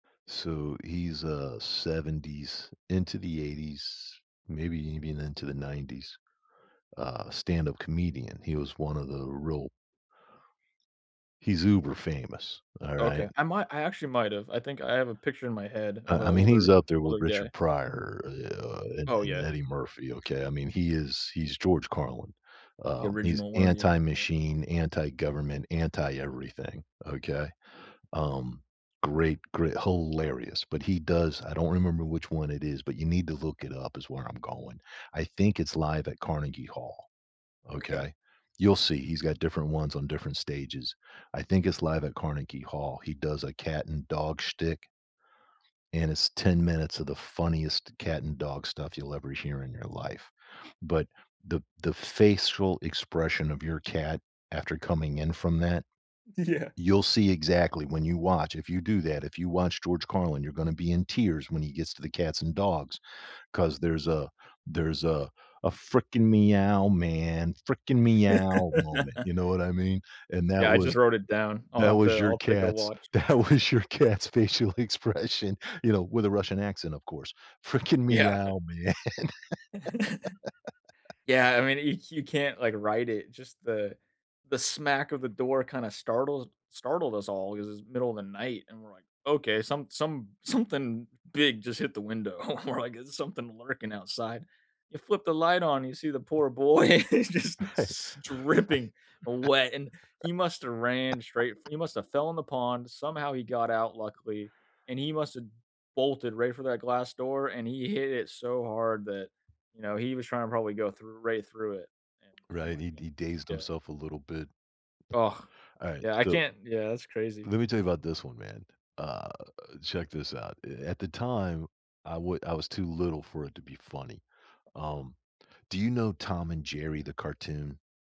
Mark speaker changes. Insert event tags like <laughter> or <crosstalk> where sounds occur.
Speaker 1: So, he's, uh, 70's into the 80's, maybe even into the 90's, uh, stand up comedian. He was one of the real He's uber famous,
Speaker 2: Okay,
Speaker 1: alright?
Speaker 2: I might I actually might’ve, I think I have a picture in my head
Speaker 1: I
Speaker 2: of a
Speaker 1: I mean, he's
Speaker 2: older
Speaker 1: up there with
Speaker 2: older
Speaker 1: Richard
Speaker 2: guy.
Speaker 1: Pryor, eh, uh, and
Speaker 2: Oh,
Speaker 1: and
Speaker 2: yeah.
Speaker 1: Eddie Murphy, okay? I mean, he is he's George Carlin,
Speaker 2: The
Speaker 1: um, he's
Speaker 2: original, one of the original.
Speaker 1: anti-machine, anti-government, anti-everything, okay? Um, great gre hilarious, but he does I don't remember which one it is, but you need to look it up is where I'm going. I think it's Live at Carnegie Hall.
Speaker 2: Okay.
Speaker 1: Okay? You'll see, he's got different ones on different stages. I think it's Live at Carnegie Hall; he does a cat and dog shtick and it's 10 minutes of the funniest cat and dog stuff you'll ever hear in your life. But, the the facial expression of your cat after coming in from that,
Speaker 2: Yeah.
Speaker 1: you'll see exactly when you watch, if you do that, if you watch George Carlin, you're gonna be in tears when he gets to the cats and dogs, 'cause there's a there's a a "freaking meow, man freaking meow" moment,
Speaker 2: <laughs>
Speaker 1: you know what I mean? And that
Speaker 2: Yeah, I just
Speaker 1: was
Speaker 2: wrote it down. I'll
Speaker 1: that
Speaker 2: have
Speaker 1: was
Speaker 2: to
Speaker 1: your
Speaker 2: I'll take a
Speaker 1: cat's
Speaker 2: watch.
Speaker 1: that was your cat's facial expression, you know, with a Russian accent, of course. "Freaking
Speaker 2: Yeah.
Speaker 1: meow, man."
Speaker 2: <chuckles>
Speaker 1: <laughs>
Speaker 2: Yeah, I mean, y you can't, like, write it. Just the the smack of the door kinda startles startled us all ‘cause it's middle of the night, and we're like, "Okay, some some something big just hit the window." <chuckles> We're like, "Is something lurking outside?" You flip the light on, you see the poor boy just s dripping wet, and he must've ran straight f
Speaker 1: <laughs>
Speaker 2: he must've fell in the pond, somehow he got out luckily, and he must've bolted right for that glass door, and he hit it so hard that, you know, he was tryna probably go through right through it, and, oh
Speaker 1: Right?
Speaker 2: my
Speaker 1: He d he
Speaker 2: goodness
Speaker 1: dazed
Speaker 2: yeah.
Speaker 1: himself a little bit.
Speaker 2: Ugh.
Speaker 1: Alright,
Speaker 2: Yeah I
Speaker 1: so
Speaker 2: can't yeah, that's crazy.
Speaker 1: Let me tell you about this one, man, uh, check this out. E at the time, I would I was too little for it to be funny. Um, do you know Tom and Jerry, the cartoon?